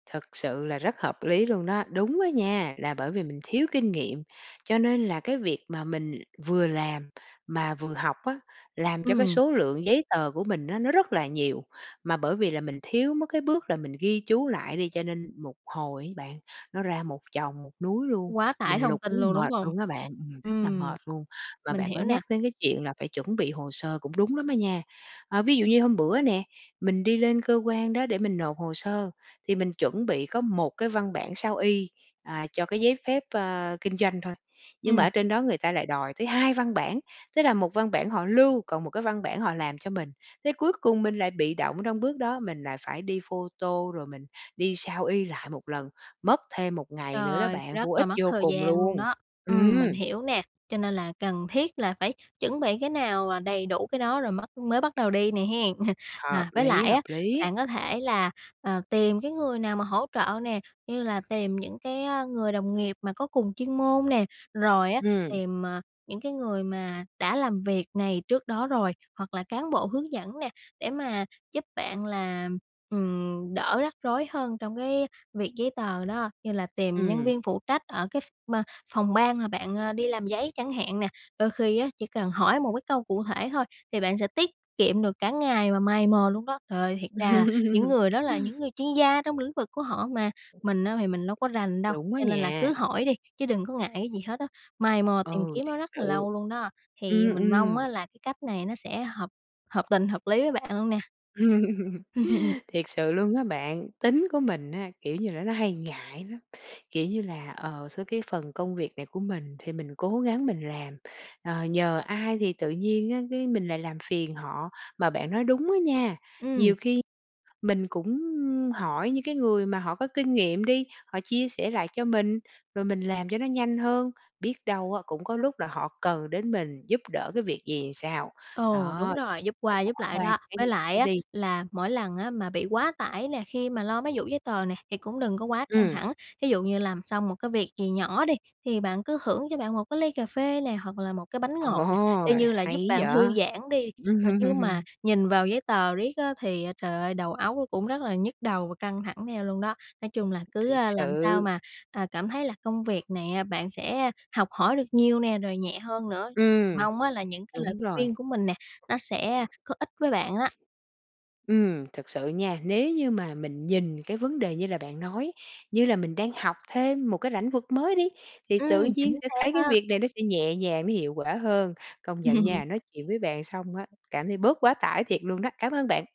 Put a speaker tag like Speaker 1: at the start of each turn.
Speaker 1: Thực sự là rất hợp lý luôn đó, đúng á nha, là bởi vì mình thiếu kinh nghiệm, cho nên là cái việc mà mình vừa làm mà vừa học á, làm cho cái
Speaker 2: Ừm.
Speaker 1: số lượng giấy tờ của mình á, nó rất là nhiều, mà bởi vì là mình thiếu mất cái bước là mình ghi chú lại đi cho nên một hồi ấy bạn, nó ra một chồng, một núi luôn,
Speaker 2: Quá tải
Speaker 1: mình
Speaker 2: thông
Speaker 1: lục
Speaker 2: tin
Speaker 1: muốn
Speaker 2: luôn, đúng
Speaker 1: mệt
Speaker 2: hông?
Speaker 1: luôn á bạn, ừm, rất là
Speaker 2: Ừm,
Speaker 1: mệt luôn. Và
Speaker 2: mình
Speaker 1: bạn có
Speaker 2: hiểu nè.
Speaker 1: nhắc đến cái chuyện là phải chuẩn bị hồ sơ cũng đúng lắm á nha. A, ví dụ như hôm bữa nè, mình đi lên cơ quan đó để mình nộp hồ sơ, thì mình chuẩn bị có một cái văn bản sao y, à, cho cái giấy phép, ơ, kinh doanh thôi, nhưng mà
Speaker 2: Ừm.
Speaker 1: ở trên đó người ta lại đòi tới 2 văn bản, tức là 1 văn bản họ lưu, còn một cái văn bản họ làm cho mình, thế cuối cùng mình lại bị động trong bước đó, mình lại phải đi photo rồi mình đi sao y lại một lần, mất thêm một ngày nữa đó
Speaker 2: Trời,
Speaker 1: bạn,
Speaker 2: rất
Speaker 1: vô
Speaker 2: là
Speaker 1: ích
Speaker 2: mất
Speaker 1: vô
Speaker 2: thời
Speaker 1: cùng
Speaker 2: gian luôn
Speaker 1: luôn.
Speaker 2: đó, ừm,
Speaker 1: Ừm.
Speaker 2: mình hiểu nè, cho nên là cần thiết là phải chuẩn bị cái nào, à, đầy đủ cái đó rồi mất mới bắt đầu đi nè hen.
Speaker 1: Hợp
Speaker 2: À, với
Speaker 1: lý,
Speaker 2: lại á,
Speaker 1: hợp lý.
Speaker 2: bạn có thể là, ờ, tìm cái người nào mà hỗ trợ nè, như là tìm những cái, a, người đồng nghiệp mà có cùng chuyên môn nè, rồi á
Speaker 1: Ừm.
Speaker 2: tìm, à, những cái người mà đã làm việc này trước đó rồi, hoặc là cán bộ hướng dẫn nè để mà giúp bạn là, ừm, đỡ rắc rối hơn trong cái việc giấy tờ đó, như là tìm nhân
Speaker 1: Ừm.
Speaker 2: viên phụ trách ở cái ph ma phòng ban mà bạn, a, đi làm giấy chẳng hạn nè, đôi khi á, chỉ cần hỏi một cái câu cụ thể thôi thì bạn sẽ tiết kiệm được cả ngày mà mày mò luôn đó. Trời ơi, thiệt ra những người đó là những người chuyên gia trong lĩnh vực của họ mà, mình á thì mình đâu có rành đâu,
Speaker 1: Đúng á
Speaker 2: cho nên là
Speaker 1: nha.
Speaker 2: cứ hỏi đi, chứ đừng có ngại cái gì hết á, mày mò tìm
Speaker 1: Ừ,
Speaker 2: kiếm
Speaker 1: thiệt
Speaker 2: nó rất là
Speaker 1: sự.
Speaker 2: lâu luôn đó, thì
Speaker 1: Ừm,
Speaker 2: mình mong
Speaker 1: ừm.
Speaker 2: á là cái cách này nó sẽ hợp hợp tình, hợp lý với bạn luôn nè.
Speaker 1: Thiệt sự luôn á bạn, tính của mình á, kiểu như là, nó hay ngại lắm, kiểu như là, ờ, sao cái phần công việc này của mình thì mình cố gắng mình làm, ờ, nhờ ai thì tự nhiên á, cái mình lại làm phiền họ. Mà bạn nói đúng á nha,
Speaker 2: Ừm.
Speaker 1: nhiều khi mình cũng, ưm, hỏi những cái người mà họ có kinh nghiệm đi, họ chia sẻ lại cho mình, rồi mình làm cho nó nhanh hơn, biết đâu á, cũng có lúc là họ cần đến mình giúp đỡ cái việc gì sao.
Speaker 2: Ồ, đúng
Speaker 1: Đó,
Speaker 2: rồi, giúp
Speaker 1: phải
Speaker 2: qua
Speaker 1: bỏ
Speaker 2: giúp lại
Speaker 1: qua
Speaker 2: đó.
Speaker 1: cái
Speaker 2: Với
Speaker 1: ngại
Speaker 2: lại
Speaker 1: đó
Speaker 2: á,
Speaker 1: đi.
Speaker 2: là mỗi lần á, mà bị quá tải nè, khi mà lo mấy vụ giấy tờ nè thì cũng đừng có quá căng
Speaker 1: Ừm.
Speaker 2: thẳng, thí dụ như làm xong một cái việc gì nhỏ đi, thì bạn cứ hưởng cho bạn một cái ly cà phê nè hoặc là một cái bánh ngọt nè,
Speaker 1: Ồ,
Speaker 2: y như là giúp
Speaker 1: hay
Speaker 2: bạn
Speaker 1: vậy!
Speaker 2: thư giãn đi mà chứ mà nhìn vào giấy tờ riết á, thì, a, trời ơi, đầu óc nó cũng rất là nhức đầu và căng thẳng theo luôn đó. Nói chung là cứ,
Speaker 1: Thiệt
Speaker 2: a, làm sao
Speaker 1: sự.
Speaker 2: mà, à, cảm thấy là công việc này, a, bạn sẽ học hỏi được nhiều nè, rồi nhẹ hơn nữa.
Speaker 1: Ừm,
Speaker 2: Mong á là những cái lời
Speaker 1: đúng rồi.
Speaker 2: khuyên của mình nè, nó sẽ, a, có ích với bạn á.
Speaker 1: Ừm, thật sự nha, nếu như mà mình nhìn cái vấn đề như là bạn nói, như là mình đang học thêm một cái lãnh vực mới đi, thì tự
Speaker 2: Ừm,
Speaker 1: nhiên
Speaker 2: chính
Speaker 1: sẽ
Speaker 2: xác
Speaker 1: thấy cái
Speaker 2: á.
Speaker 1: việc này nó sẽ nhẹ nhàng, nó hiệu quả hơn. Công nhận nha, nói chuyện với bạn xong á, cảm thấy bớt quá tải thiệt luôn đó, cảm ơn bạn.